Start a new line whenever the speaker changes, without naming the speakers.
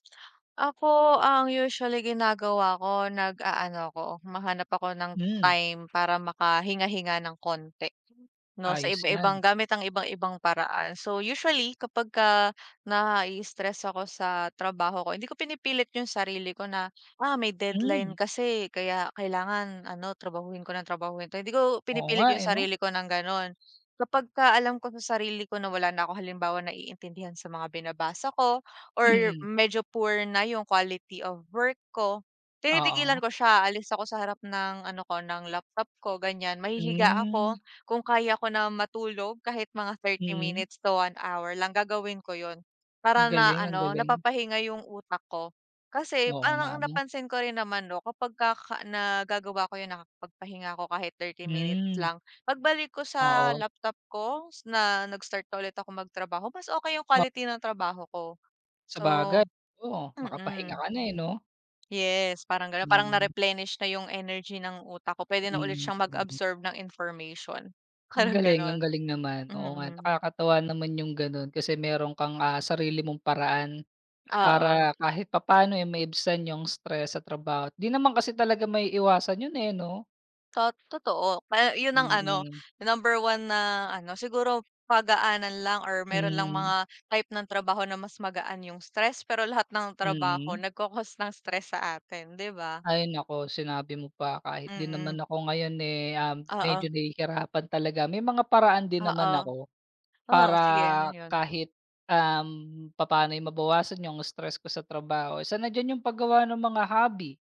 Ako, ang usually ginagawa ko nag-aano ako humahanap ako ng
Hmm.
time para makahinga-hinga ng k onti 'no sa
Ayos
iba
yan
ibang
eh.
gamit ang ibang ibang paraan. So usually kapag ka na-ii-stress ako sa trabaho ko, hindi ko pinipilit yung sarili ko na, "Ah, may deadline
Hmm.
kasi kaya kailangan ano trabahuhin ko ng trabahuhin to," hindi ko
Oo,
pinipilit
nga
yung
eh 'no.
sarili ko ng ganon. Kapag ka alam ko sa sarili ko na wala na ako halimbawa naiintindihan sa mga binabasa ko or
Mhm.
medyo poor na yung quality of work ko, tinitigilan
Oo.
ko siya, aalis ako sa harap ng ano ko ng laptop ko ganyan, mahihiga
Hmm.
ako, kung kaya ko na matulog kahit mga 30
Mhm.
minutes to 1 hour lang, gagawin ko 'yon
Ang
para na
galing, ang
ano
galing.
napapahinga yung utak ko. Kasi
Oo nga
parang
ano.
napansin ko rin naman 'no kapag ka ka nagagawa ko 'yon, nakapagpahinga ako kahit 30 minutes
Hmm.
lang, pagbalik ko sa
Oo.
laptop ko na nag-start na ulit ako magtrabaho, mas okey yung
Oh.
quality ng trabaho ko
Sa
so,
bagay oo, makapahinga
mm.
ka na eh 'no.
Yes, parang ganon. Parang
Mhm.
na-replenish na yung energy ng utak ko, pwede na ulit
Mhm,
siyang
mhm.
mag-absorb ng information,
Ang
parang
galing, ang
ganun,
galing naman, oo nga.
mhm.
Nakakatuwa naman yung ganun kasi meron kang, ah, sarili mong paraan
Oo.
para kahit papaano eh maibsan yung stress sa trabaho. 'Di naman kasi talaga maiiwasan yun eh 'no?
Tot totoo. Pa yun ang ano,
Mhm.
number 1 na ano siguro pagaanan lang or meron lang
Hmm.
mga type ng trabaho na mas magaan yung stress pero lahat ng trabaho,
Mhm.
nag-ca-cause ng stress sa atin, 'di ba?
Ay, naku sinabi mo pa kahit din naman
Mhm.
ako ngayon eh, um, medyo
Oo.
nahihirapan talaga may mga paraan din naman
Oo.
ako
Oo,
para
sige ano yun.
kahit, um, papaano eh mabawasan yung stress ko sa trabaho, isa na dyan yung paggawa ng mga hobby.